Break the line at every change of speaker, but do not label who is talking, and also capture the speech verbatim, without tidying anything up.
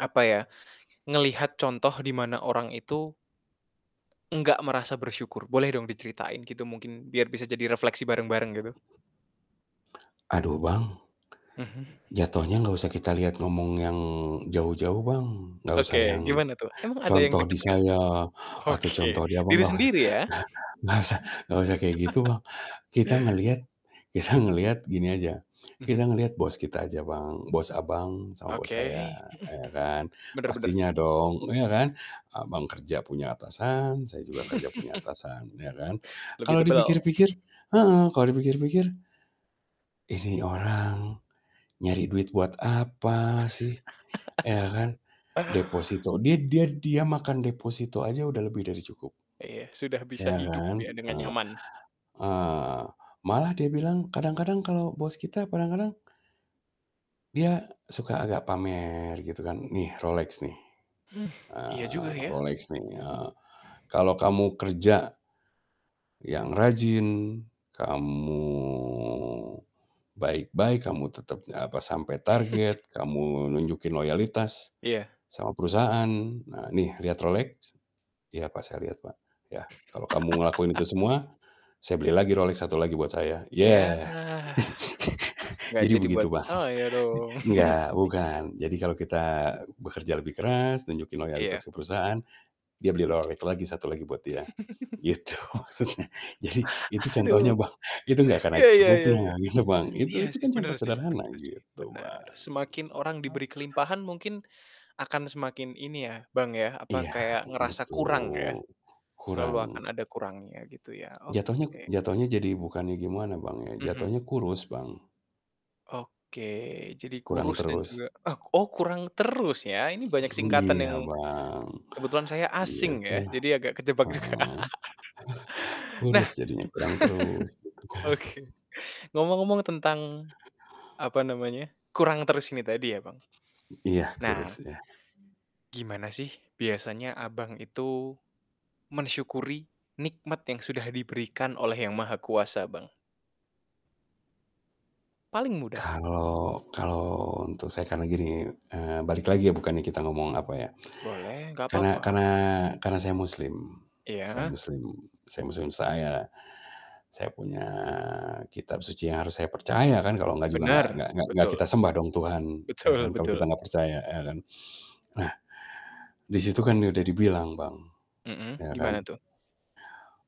Apa ya, ngelihat contoh di mana orang itu nggak merasa bersyukur, boleh dong diceritain, gitu? Mungkin, biar bisa jadi refleksi bareng-bareng, gitu.
Aduh, Bang
Mhm.
jatuhnya gak usah kita lihat ngomong yang jauh-jauh, Bang, gak usah
Oke,
yang
gimana tuh? Emang ada yang
contoh di
deket kah?
saya atau
Oke.
contoh di Abang,
Diri
gak us
sendiri, ya?
gak usah gak usah kayak gitu, Bang. Kita ngelihat kita ngelihat gini aja, kita
Mhm.
ngeliat bos kita aja, Bang, bos Abang, sama
Oke.
bos saya,
Mhm mhm.
ya kan,
Bener bener.
pastinya dong, iya kan? Abang kerja punya atasan, saya juga kerja punya atasan, ya kan.
Lebih
Kalau dipikir
tebel.
pikir heeh, kalau dipikir-pikir, "ini orang nyari duit buat apa sih?" Iya kan? Deposito dia dia dia makan deposito aja udah lebih dari cukup.
Iya, sudah bisa
Iya
hidup
kan?
ya, dengan
Eee
nyaman.
eee, malah dia bilang, kadang-kadang kalau bos kita kadang-kadang dia suka agak pamer, gitu kan. "Nih, Rolex nih,
Iya juga,
eee,
ya.
Rolex nih, eee, kalau kamu kerja yang rajin, kamu baik-baik, kamu tetep, eee, apa, sampai target, kamu nunjukin loyalitas
Iya.
sama perusahaan, nah, nih, lihat Rolex." "Iya, Pak, saya lihat Pak." Ya, "Kalau kamu ngelakuin itu semua, saya beli lagi Rolex satu lagi buat saya."
Yah,
Yah.
nggak
Jadi
jadi
begitu,
buat
Bang.
saya dong?
Enggak, bukan. Jadi kalau kita bekerja lebih keras, tunjukin
Iya.
loyalitas ke perusahaan, dia beli Rolex lagi satu lagi buat dia, gitu maksudnya. Jadi, itu
Aduh,
contohnya Bang, itu gak akan ada
iya iya iya,
cukupnya, gitu Bang.
iya
Itu itu
sih,
kan
bener
contoh
sih
sederhana,
bener sih,
gitu,
bener.
Bang.
Semakin orang diberi kelimpahan, mungkin akan semakin, ini ya, Bang, ya, apa,
Iya,
kayak ngerasa kurang, ya?
betul!
Selalu akan
Kurang.
ada kurangnya, gitu ya?
Jatuhnya
Oke.
jatuhnya jadi bukannya gimana, Bang, ya,
Mhm.
jatuhnya kurus, Bang.
Oke, jadi
Kurang
kurus dan
terus.
juga oh oh, kurang terus ya, ini banyak singkatan
Iya,
yang
Bang,
kebetulan saya asing
gitu.
ya, jadi agak kejebak juga.
Heeh.
Nah
Kurus jadinya, kurang terus, gitu kan.
oke, ngomong-ngomong tentang, apa namanya, kurang terus ini tadi ya, Bang,
Iya, kurus
nah
ya.
gimana sih biasanya Abang itu mensyukuri nikmat yang sudah diberikan oleh Yang Maha Kuasa, Bang? Paling mudah.
Kalau kalau untuk saya, karena gini, eee, balik lagi ya, bukannya kita ngomong, apa ya.
Boleh, nggak
Karena
papa.
karena karena saya Muslim saya
Iya.
Muslim saya Muslim saya saya punya kitab suci yang harus saya percaya kan, kalau nggak juga nggak
Benar.
nggak nggak
Betul.
kita sembah dong Tuhan, ya kan?
Betul
Kalau kita
betul.
nggak percaya, ya kan? Nah, di situ kan udah dibilang, Bang,
Mhm,
ya
gimana
kan?
tuh?